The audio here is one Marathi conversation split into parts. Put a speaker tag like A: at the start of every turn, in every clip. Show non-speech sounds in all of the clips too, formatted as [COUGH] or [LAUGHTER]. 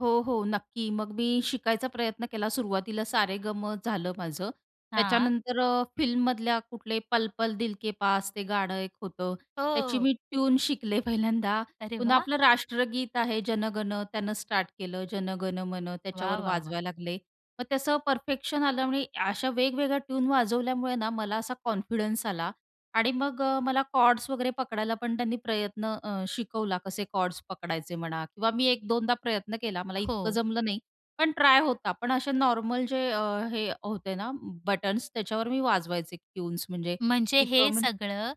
A: हो, हो नक्की. मग मी शिकायचा प्रयत्न केला. सुरुवातीला सा-रे-ग-मं झालं माझं.
B: हां.
A: त्याच्यानंतर अ, फिल्ममधल्या कुठले पल पल दिल के पास ते गाणं एक होतं. त्याची
B: हो.
A: मी ट्यून शिकले पहिल्यांदा.
B: अरे
A: पुन्हा
B: वाह!
A: आपलं राष्ट्रगीत आहे जन गण त्यानं स्टार्ट केलं. जन गण मन
B: वाह,
A: त्याच्यावर
B: वाह, वाह!
A: वाजवायला लागले. मग ते असं परफेक्शन आल्यामुळे अशा वेगवेगळ्या ट्यून वाजवल्यामुळे ना मला असा कॉन्फिडन्स आला आणि मग अ, मला कॉर्ड्स वगैरे पकडायला पण त्यांनी प्रयत्न अ, शिकवला कसे कॉर्ड्स पकडायचे म्हणा किंवा मी 1-2दा प्रयत्न केला. मला इतकं
B: हो.
A: जमलं नाही. पण ट्राय होता. पण असे नॉर्मल जे अ, हे होते ना बटन्स त्याच्यावर मी वाजवायचे ट्यून्स म्हणजे
B: म्हणजे
A: की
B: हे
A: [UNINTELLIGIBLE]
B: सगळं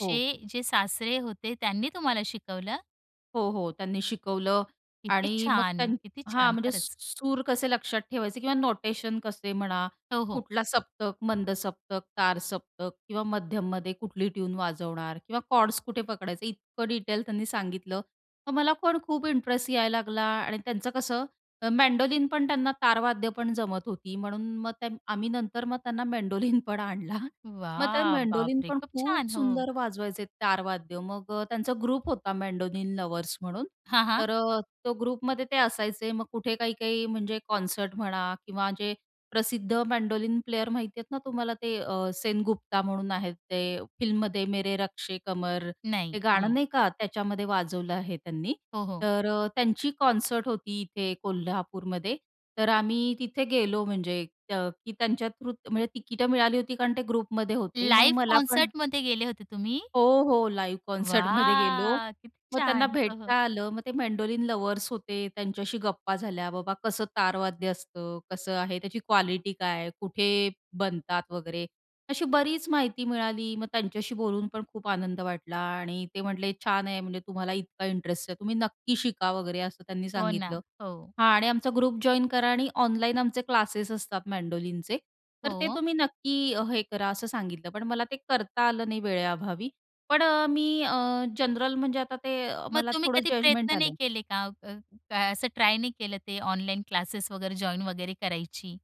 A: हो.
B: जे सासरे होते त्यांनी तुम्हाला शिकवलं?
A: हो, हो त्यांनी शिकवलं
B: किती
A: आणि मग
B: छान!
A: त्यां
B: किती
A: हां
B: छान!
A: म्हणजे स
B: खरंच.
A: सूर कसे लक्षात ठेवायचे किंवा नोटेशन कसे म्हणा,
B: हो, हो.
A: कुठला सप्तक, मंद सप्तक, तार सप्तक किंवा मध्यममध्ये कुठली ट्यून वाजवणार किंवा कॉर्ड्स कुठे पकडायचे, इतकं डिटेल त्यांनी सांगितलं. मग मला पण खूप इंटरेस्ट यायला लागला आणि त्यांचं कसं, मेंडोलिन पण त्यांना, तारवाद्यं पण जमत होती. म्हणून मग त्यां आम्ही नंतर मग त्यांना मेंडोलिन पण आणला. मग ते
B: वाह!
A: मेंडोलिन
B: बापरे!
A: पण
B: खूप
A: खूप
B: छान. हो.
A: सुंदर वाजवायचे तारवाद्यं. मग अ, त्यांचा ग्रुप होता मेंडोलिन लव्हर्स म्हणून.
B: हां, हां.
A: तर अ, तो ग्रुपमध्ये ते असायचे. मग कुठे काही, काही म्हणजे कॉन्सर्ट म्हणा किंवा जे प्रसिद्ध मेंडोलिन प्लेयर माहिती आहेत ना तुम्हाला ते अ, सेनगुप्ता म्हणून आहेत. ते फिल्ममध्ये मेरे रश्के कमर ते
B: नाही,
A: गाणं
B: नाही.
A: नाही का. त्याच्यामध्ये वाजवलं आहे त्यांनी.
B: हो, हो.
A: तर अ, त्यांची कॉन्सर्ट होती इथे कोल्हापूरमध्ये. तर आम्ही तिथे गेलो म्हणजे अ, की त्यांच्या थ्रूच म्हणजे तिकिटं मिळाली होती कारण ते ग्रुपमध्ये होते. मग
B: लाईव्ह
A: मला पण
B: कॉन्सर्टमध्ये गेले होते तुम्ही?
A: हो, हो लाईव्ह कॉन्सर्टमध्ये गेलो.
B: वाह! किती
A: मग त्यांना
B: छान. हो,
A: भेटता
B: हो.
A: आलं. मग ते मेंडोलिन लव्हर्स होते, त्यांच्याशी गप्पा झाल्या. बाबा कसं तारवाद्य असतं? कसं आहे? त्याची क्वालिटी काय आहे? कुठे बनतात? वगैरे, अशी बरीच माहिती मिळाली. मग त्यांच्याशी बोलून पण खूप आनंद वाटला आणि ते म्हटले छान आहे म्हणजे तुम्हाला इतका इंटरेस्ट आहे. तुम्ही नक्की शिका वगैरे, असं त्यांनी
B: हो
A: सांगितलं
B: ना. हो.
A: हां आणि आमचा ग्रुप जॉइन करा आणि ऑनलाईन आमचे क्लासेस असतात मेंडोलिनचे. तर ते
B: हो.
A: तुम्ही नक्की हे करा, असं सांगितलं. पण मला ते करता आलं नाही वेळेअभावी. पण अ, मी अ, जनरल म्हणजे आता ते अ,
B: मग
A: मला
B: तुम्ही
A: थोडं
B: कधी
A: जजमेंट
B: प्रयत्न नाही
A: आलंय.
B: केले का? अ, असं ट्राय नाही केलं ते ऑनलाईन क्लासेस वगैरे जॉइन वगैरे करायची?